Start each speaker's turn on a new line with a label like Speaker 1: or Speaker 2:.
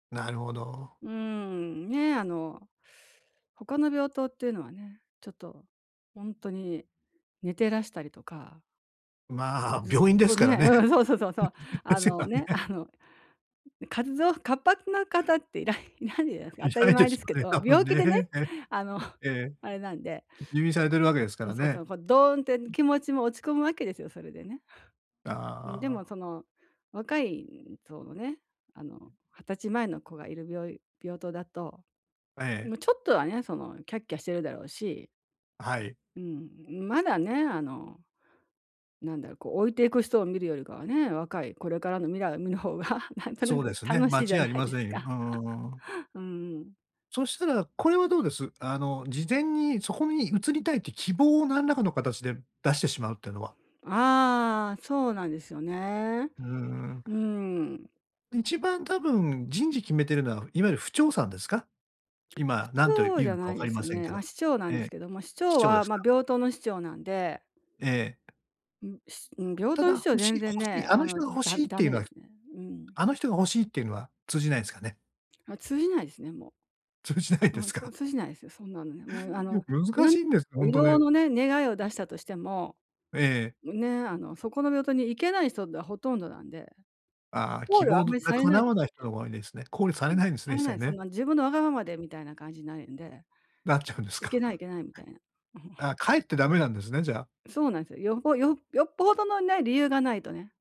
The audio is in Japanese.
Speaker 1: なるほど。
Speaker 2: うーん、ね、あの、他の病棟っていうのはね、ちょっとほんとに寝てらしたりとか。
Speaker 1: ま、
Speaker 2: ずっ
Speaker 1: 病院で
Speaker 2: と
Speaker 1: すから
Speaker 2: ね
Speaker 1: ね。
Speaker 2: うん、そうそうそうそう。
Speaker 1: で
Speaker 2: あ
Speaker 1: すよ
Speaker 2: のね、
Speaker 1: ね。
Speaker 2: あの、ん、活動活発な方っていらいいないんじゃないですか、
Speaker 1: い
Speaker 2: 当た
Speaker 1: な
Speaker 2: り
Speaker 1: いで
Speaker 2: 前
Speaker 1: す
Speaker 2: ですけ
Speaker 1: よね、
Speaker 2: ど。
Speaker 1: 多分
Speaker 2: 病気でね、
Speaker 1: ね。え。
Speaker 2: あの、
Speaker 1: ええ。
Speaker 2: あれなんで。
Speaker 1: 入院されてるわけですか
Speaker 2: うん、
Speaker 1: ら
Speaker 2: そうそ
Speaker 1: ね。
Speaker 2: う、こ、ドーンって気持ちも落ち込むわけですよ、それでね。
Speaker 1: あ
Speaker 2: うん、でもそ
Speaker 1: あ。
Speaker 2: の若い層のね、あの、20歳前の子がいる病い病棟だと、
Speaker 1: え
Speaker 2: う
Speaker 1: え。
Speaker 2: む、ちょっとはね、そのキャッキャしてるだろうし。
Speaker 1: はい。
Speaker 2: うん、まだね、あの、なんだろう、こう、老いていく人を見るよりかはね、若い、これからの未来を見る方が、なんとな
Speaker 1: そうで
Speaker 2: く
Speaker 1: すね、
Speaker 2: 楽
Speaker 1: 間
Speaker 2: しいじ
Speaker 1: 違い
Speaker 2: ゃ
Speaker 1: あ
Speaker 2: な
Speaker 1: り
Speaker 2: い
Speaker 1: ま
Speaker 2: で
Speaker 1: せ
Speaker 2: す
Speaker 1: んよ。
Speaker 2: か。
Speaker 1: うんうんうんうん。
Speaker 2: うんうん。
Speaker 1: そしたら、これはどうです？あの、事前にそこに移りたいって希望を何らかの形で出してしまうってのは。
Speaker 2: ああ、そうなんですよね。
Speaker 1: うーん。
Speaker 2: うーん。
Speaker 1: 一番多分人事決めているのは、いわゆる婦長さんですか？今、何と
Speaker 2: 婦長
Speaker 1: 言う
Speaker 2: じゃ
Speaker 1: のか
Speaker 2: な
Speaker 1: 分
Speaker 2: い
Speaker 1: か
Speaker 2: で
Speaker 1: り
Speaker 2: す
Speaker 1: ま
Speaker 2: よ
Speaker 1: せん
Speaker 2: ね。
Speaker 1: けど。
Speaker 2: あ、師長な
Speaker 1: え
Speaker 2: んです
Speaker 1: え、
Speaker 2: けども。師
Speaker 1: 師
Speaker 2: 長
Speaker 1: 長で
Speaker 2: は、
Speaker 1: す
Speaker 2: ま、
Speaker 1: か。
Speaker 2: 病棟の師長なんで。
Speaker 1: ええ。
Speaker 2: うん、しうん、病
Speaker 1: た
Speaker 2: 棟の師
Speaker 1: だ、
Speaker 2: 長は
Speaker 1: 欲しい、
Speaker 2: 全
Speaker 1: 欲
Speaker 2: 然
Speaker 1: し
Speaker 2: ね、
Speaker 1: い、あ
Speaker 2: あ
Speaker 1: の
Speaker 2: の、
Speaker 1: 人が欲
Speaker 2: だ
Speaker 1: しいっ
Speaker 2: ダ
Speaker 1: てい
Speaker 2: メ
Speaker 1: うの
Speaker 2: で
Speaker 1: は、
Speaker 2: すね。うん。
Speaker 1: あの人が欲しいっていうのは通じないんすかね。
Speaker 2: ま、通じないですね、もう。
Speaker 1: 通じないで
Speaker 2: うん、
Speaker 1: す
Speaker 2: そ、
Speaker 1: か？
Speaker 2: 通じないですよ、そんなのね。もう、あの、
Speaker 1: 難
Speaker 2: な
Speaker 1: し
Speaker 2: ん
Speaker 1: いんです、ほん
Speaker 2: 異
Speaker 1: と
Speaker 2: 動
Speaker 1: ね。
Speaker 2: のね、願いを出したとしても、
Speaker 1: ええ。
Speaker 2: ね、あの、そこの病棟に行けない人がほとんどなんで。
Speaker 1: あ、
Speaker 2: 考
Speaker 1: 希
Speaker 2: 慮はあ
Speaker 1: 望
Speaker 2: んまり
Speaker 1: が
Speaker 2: されない
Speaker 1: 叶
Speaker 2: で
Speaker 1: わ
Speaker 2: す
Speaker 1: ない人のが多いんですね、考慮され
Speaker 2: よね。うん、
Speaker 1: ないんですね、
Speaker 2: さ
Speaker 1: 一
Speaker 2: れな
Speaker 1: 切
Speaker 2: い。そん
Speaker 1: ね。
Speaker 2: な自分のわがままで、みたいな感じになるんで。
Speaker 1: なっちゃうんです
Speaker 2: いけ
Speaker 1: か？
Speaker 2: ないいけない、みたいな。
Speaker 1: あ、かえってダメなんですね、じゃあ。
Speaker 2: そうなんすよ。よぽよよっぽどのね、理由がないとね。